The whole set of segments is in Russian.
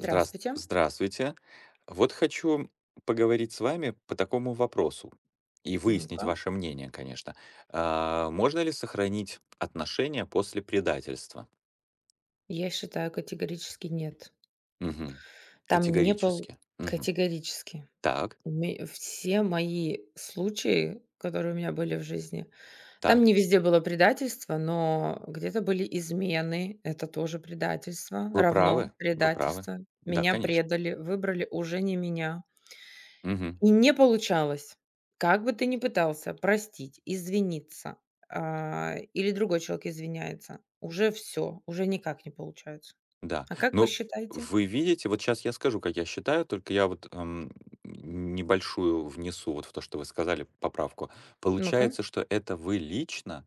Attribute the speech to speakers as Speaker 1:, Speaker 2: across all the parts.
Speaker 1: Здраст Здравствуйте. Вот хочу поговорить с вами по такому вопросу и выяснить
Speaker 2: Ну-ка.
Speaker 1: ваше мнение, конечно. А, можно ли сохранить отношения после предательства?
Speaker 2: Я считаю, категорически нет.
Speaker 1: Мгм.
Speaker 2: Там не был
Speaker 1: Категорически. Мгм.
Speaker 2: категорически.
Speaker 1: Так.
Speaker 2: Ми Все мои случаи, которые у меня были в жизни. Там
Speaker 1: Так.
Speaker 2: не везде было предательство, но где-то были измены, это тоже предательство,
Speaker 1: Вы
Speaker 2: равно
Speaker 1: правы вы правы.
Speaker 2: предательство.
Speaker 1: Да,
Speaker 2: Меня
Speaker 1: конечно.
Speaker 2: предали, выбрали уже не меня.
Speaker 1: Мгм.
Speaker 2: И не получалось. Как бы ты ни пытался простить, извиниться. А, или другой человек извиняется, уже всё, уже никак не получается.
Speaker 1: Да.
Speaker 2: А как вы
Speaker 1: Ну,
Speaker 2: считаете?
Speaker 1: вы видите, вот щас я скажу, как я считаю, только я вот, ам, ни небольшую внесу вот в то, что вы сказали, поправку.
Speaker 2: Ну-ка.
Speaker 1: Получается, что это вы лично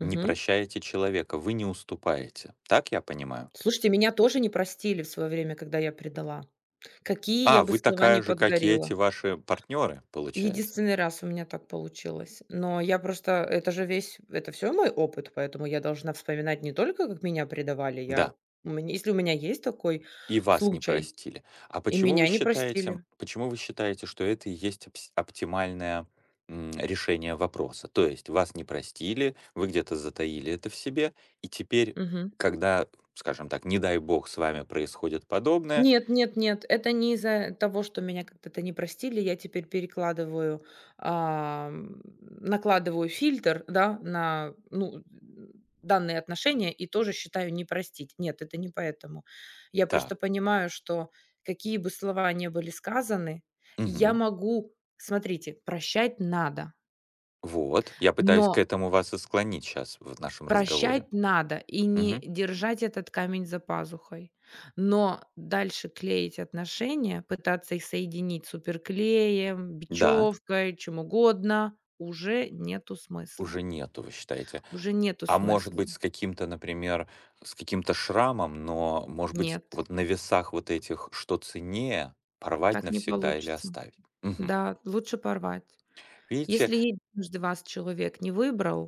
Speaker 1: не
Speaker 2: Мгм.
Speaker 1: прощаете человека, вы не уступаете, так я понимаю?
Speaker 2: Слушайте, меня тоже не простили в свое время, когда я предала, какие я
Speaker 1: А,
Speaker 2: бы
Speaker 1: вы
Speaker 2: слова не
Speaker 1: такая же, как и эти
Speaker 2: подгорела.
Speaker 1: ваши партнёры, получается?
Speaker 2: Единственный раз у меня так получилось. Но я просто это же весь, это всё мой опыт, поэтому я должна вспоминать не только, как меня предавали. Я
Speaker 1: Да.
Speaker 2: мне если у меня есть такой
Speaker 1: И вас не
Speaker 2: случай
Speaker 1: простили. А
Speaker 2: и
Speaker 1: почему вы
Speaker 2: меня не
Speaker 1: считаете
Speaker 2: простили.
Speaker 1: почему вы считаете, что это и есть, обс оптимальное, м, решение вопроса? То есть вас не простили, вы где-то затаили это в себе, и теперь,
Speaker 2: Мгм.
Speaker 1: когда, скажем так, не дай бог, с вами происходит подобное
Speaker 2: Нет нет нет, это не из-за того, что меня когда-то не простили. Я теперь перекладываю. Ам, накладываю фильтр, да. На ну, н данные отношения, и тоже считаю: "Не простить". Нет, это не поэтому. Я просто
Speaker 1: Так.
Speaker 2: понимаю, что какие бы слова ни были сказаны, я
Speaker 1: Мгм.
Speaker 2: могу смотрите, прощать надо.
Speaker 1: Вот, я пытаюсь к
Speaker 2: Но
Speaker 1: этому вас и склонить щас в нашем разговоре.
Speaker 2: Прощать надо и не
Speaker 1: Мгм.
Speaker 2: держать этот камень за пазухой, но дальше клеить отношения, пытаться их соединить суперклеем,
Speaker 1: Да.
Speaker 2: бечевкой, чем угодно, уже нету смысла.
Speaker 1: Уже нету, вы считаете.
Speaker 2: Уже нету
Speaker 1: А может
Speaker 2: смысла.
Speaker 1: быть, с каким-то, например, с каким-то шрамом, но, может быть,
Speaker 2: Нет.
Speaker 1: вот на весах вот этих что ценнее: порвать
Speaker 2: Так не
Speaker 1: навсегда или
Speaker 2: получится.
Speaker 1: оставить? Мгм.
Speaker 2: Да, лучше порвать.
Speaker 1: Видите?
Speaker 2: Если единожды вас человек не выбрал.